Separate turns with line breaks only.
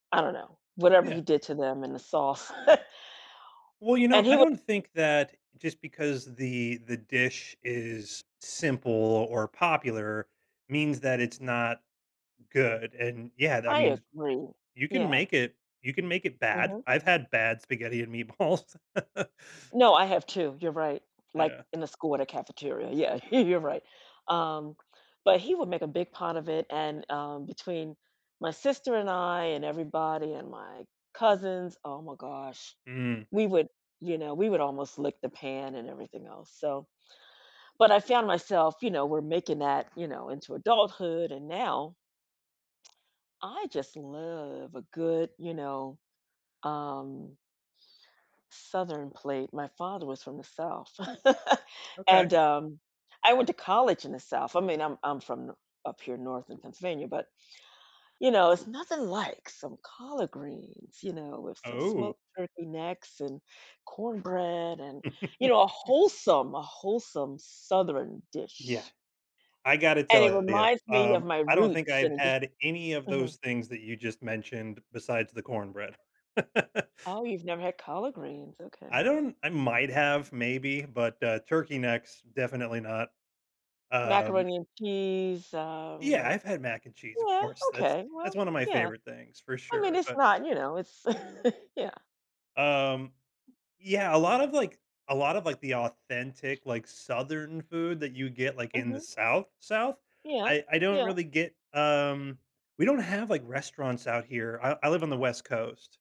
I don't know, whatever
Yeah.
he did to them in the sauce,
Well, you know,
and he
I
was
don't
[unintelligible]
think that just because the the dish is simple or popular means that it's not good, and, yeah, that
I
means
agree,
you can
yeah.
make it you can make it bad.
Mhm.
I've had bad spaghetti and meatballs.
No, I have too. You're right, like,
Yeah.
in the school at a cafeteria. Yeah, you're right, um, but he would make a big pot of it, and, um, between my sister and I, and everybody, and my cousins oh my gosh,
Mm.
we would, you know we would almost lick the pan and everything else, so but I found myself, you know we're making that, you know, into adulthood, and now, I just love a good, you know, um southern plate. My father was from the South
Okay.
and, um, I went to college in the South. I mean, I'm I'm from n up here North in Pennsylvania, but, you know, it's nothing like some collard greens, you know, with some
Oh.
smoked turkey necks, and cornbread, and, you know, a wholesome a wholesome Southern
Yeah.
dish.
I gotta
And it
tell ya,
reminds me
um,
of my
I don't think
roots
I've
and it just
had any of
mhm.
those things that you just mentioned, besides the cornbread.
Oh, you've never had collard greens. Okay.
I don't I might have, maybe, but, uh, turkey necks, definitely not, um
Macaroni and cheese,
Yeah.
um
I've had mac and cheese, of
yeah,
course. That's
okay.
that's
Well,
one of my
yeah.
favorite things, for
I mean,
sure,
it's
but
not you know, it's yeah.
Um, yeah, a lot of, like a lot of, like, the authentic, like, southern food that you get, like, in the
Mhm.
South, South.
Yeah.
I I don't
Yeah.
really get, um we don't have, like, restaurants out here. I I live on the West Coast.